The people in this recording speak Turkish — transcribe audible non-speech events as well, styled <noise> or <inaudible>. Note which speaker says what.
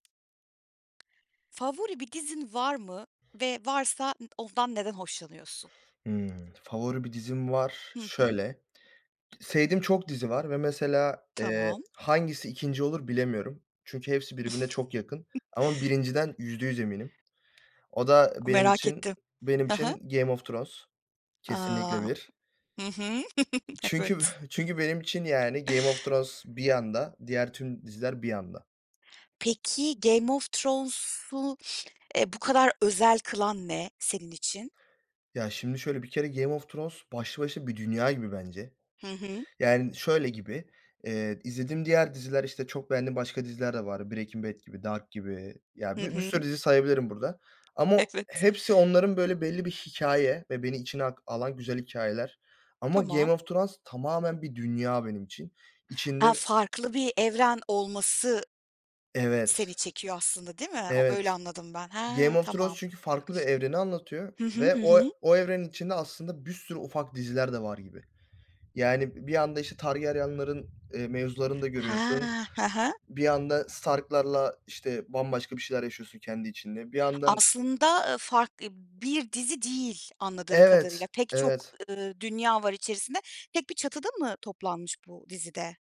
Speaker 1: Favori bir dizin var mı, ve varsa ı ondan neden hoşlanıyorsun?
Speaker 2: Hımm. Favori bir dizim var.
Speaker 1: Hı hı.
Speaker 2: Şöyle, sevdiğim çok dizi var ve, mesela, eee,
Speaker 1: Tamam.
Speaker 2: hangisi 2. olur bilemiyorum. Çünkü hepsi birbirine çok yakın,
Speaker 1: <chuckles>
Speaker 2: ama 1.´sinden %100 eminim. O da
Speaker 1: A,
Speaker 2: benim
Speaker 1: merak
Speaker 2: için,
Speaker 1: ettim.
Speaker 2: benim
Speaker 1: Hı hı.
Speaker 2: için Game of Thrones, kesinlikle
Speaker 1: A.
Speaker 2: 1.
Speaker 1: Hı hı. <chuckles>
Speaker 2: Çünkü,
Speaker 1: Evet.
Speaker 2: çünkü benim için yani Game of Thrones bir yanda, diğer tüm diziler bir yanda.
Speaker 1: Peki, Game of Thrones'u, e, bu kadar özel kılan ne, senin için?
Speaker 2: Ya, şimdi şöyle, bir kere Game of Thrones başlı başına bir dünya gibi bence.
Speaker 1: Hı hı.
Speaker 2: Yani, şöyle gibi, eee, izlediğim diğer diziler, işte, çok beğendiğim başka diziler de var. Breaking Bad gibi, Dark gibi,
Speaker 1: Hı
Speaker 2: ya, bi bir sürü
Speaker 1: hı.
Speaker 2: dizi sayabilirim burada, ama
Speaker 1: Evet.
Speaker 2: hepsi, onların böyle belli bir hikâye ve beni içine ak alan güzel hikâyeler ama,
Speaker 1: Tamam.
Speaker 2: Game of Thrones tamamen bir dünya benim için.
Speaker 1: A,
Speaker 2: İçinde
Speaker 1: farklı bir evren olması, seni
Speaker 2: Evet
Speaker 1: çekiyor aslında değil mi? O
Speaker 2: Evet,
Speaker 1: öyle anladım ben. He,
Speaker 2: Game of Thrones,
Speaker 1: tamam!
Speaker 2: çünkü farklı bir evreni anlatıyor,
Speaker 1: Hı hı,
Speaker 2: ve
Speaker 1: hı
Speaker 2: o
Speaker 1: hı.
Speaker 2: o, evrenin içinde aslında bir sürü ufak diziler de var gibi. Yani, bir anda, işte, Targaryen'lerin, eee, mevzularını da
Speaker 1: He!
Speaker 2: görüyorsun.
Speaker 1: He he.
Speaker 2: Bir yanda Stark'larla, işte, bambaşka bir şeyler yaşıyorsun kendi içinde, bir yandan
Speaker 1: Aslında ı fark i bir dizi değil anladığım kadarıyla.
Speaker 2: Evet,
Speaker 1: Pek çok,
Speaker 2: evet.
Speaker 1: ııı, dünya var içerisinde. Tek bir çatıda mı toplanmış, bu dizide?